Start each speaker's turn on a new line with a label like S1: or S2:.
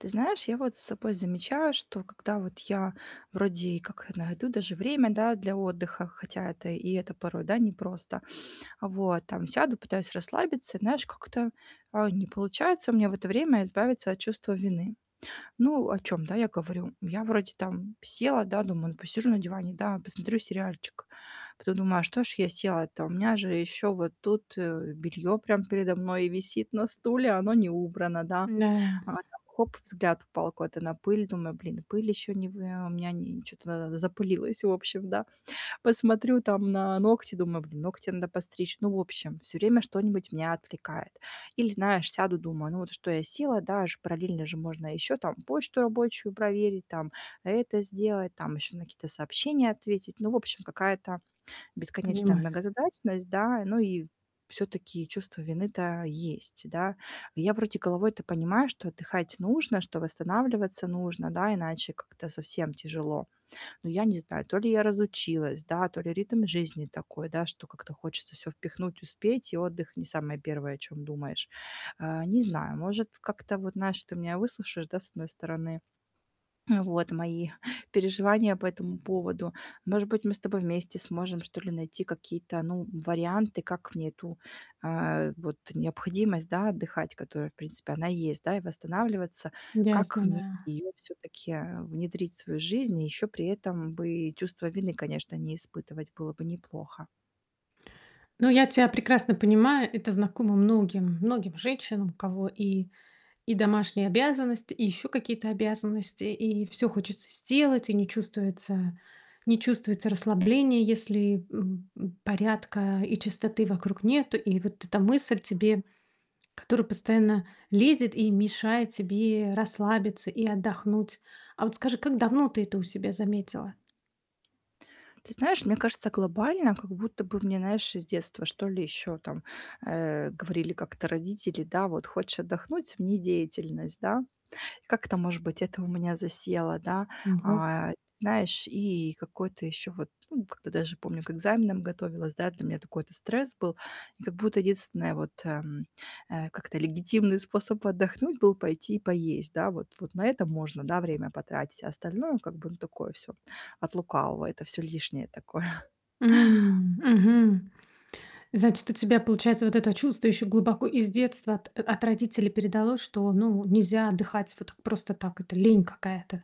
S1: Ты знаешь, я вот за собой замечаю, что когда вот я вроде и как найду даже время, да, для отдыха, хотя это и это порой, да, непросто. А, вот, там, сяду, пытаюсь расслабиться, и знаешь, как-то, а, не получается у меня в это время избавиться от чувства вины. Ну о чём, да, я говорю. Я вроде там села, да, думаю: "Ну посижу на диване, да, посмотрю сериальчик". Потом думаю: "Что ж я села-то, у меня же ещё вот тут, э, бельё, прям, передо мной висит на стуле, а, оно не убрано, да".
S2: Н-да.
S1: А, там хоп взгляд упал куда-то на пыль, думаю: "Блин, и пыль ещё не вы ам, у меня чё-то на надо запылилось, в общем, да". Посмотрю там на ногти, думаю: "Блин, ногти надо постричь". Ну, в общем, всё время что-нибудь меня отвлекает. Или, знаешь, сяду, думаю: "Ну, вот, что я села, да, аж параллельно же можно ещё, там, почту рабочую проверить, там, это сделать, там, ещё на какие-то сообщения ответить". Ну, в общем, какая-то бесконечная
S2: Понимаю.
S1: многозадачность, да, и ну, и всё-таки чувство вины-то есть, да. Я вроде головой-то понимаю, что отдыхать нужно, что восстанавливаться нужно, да, иначе как-то совсем тяжело. Но я не знаю, то ли я разучилась, да, то ли ритм жизни такой, да, что как-то хочется всё впихнуть, успеть, и отдых не самое первое о чём думаешь. А, не знаю, может, как-то, вот, знаешь, ты меня выслушаешь, да, с одной стороны. Э, вот, мои переживания по этому поводу. Может быть, мы с тобой вместе сможем, что ли, найти какие-то, ну, варианты, как мне эту, а, э, вот необходимость, да, отдыхать, которая, в принципе, она есть, да, и восстанавливаться. Как
S2: Ясно,
S1: мне
S2: да.
S1: её всё-таки, а, внедрить в свою жизнь, и ещё при этом бы и чувство вины, конечно, не испытывать, было бы неплохо?
S2: Ну, я тя прекрасно понимаю. Это знакомо многим многим женщинам, у кого и и домашние обязанности, и ещё какие-то обязанности, и всё хочется сделать, и не чувствуется не чувствуется расслабления, если, м, м, порядка и чистоты вокруг нету. И вот эта мысль тебе, которую постоянно лезет и мешает тебе расслабиться и отдохнуть. А, вот скажи, как давно ты это у себя заметила?
S1: Ты знаешь, мне кажется, глобально как будто бы мне, знаешь, с детства, что ли, ещё там, э, говорили как-то родители, да, вот: "Хочешь отдохнуть- смени деятельность". Да? Как-то, может быть, это у меня засело, да.
S2: Ого.
S1: А, ат знаешь, и и какой-то ещё вот, м, ну как-то даже, помню, к экзаменам готовилась, да. Для меня такой-то стресс был, и как будто единственное, вот, ам, а, как-то легитимный способ отдохнуть был пойти и поесть, да. Вот вот на это можно, да, время потратить, а, остальное, как бы, ну такое всё от лукавого, это всё лишнее такое.
S2: М, мгм, значит, у тебя, получается, вот это чувство ещё глубоко из детства от от родителей передалось, что, ну, нельзя отдыхать вот так просто так, это лень какая-то.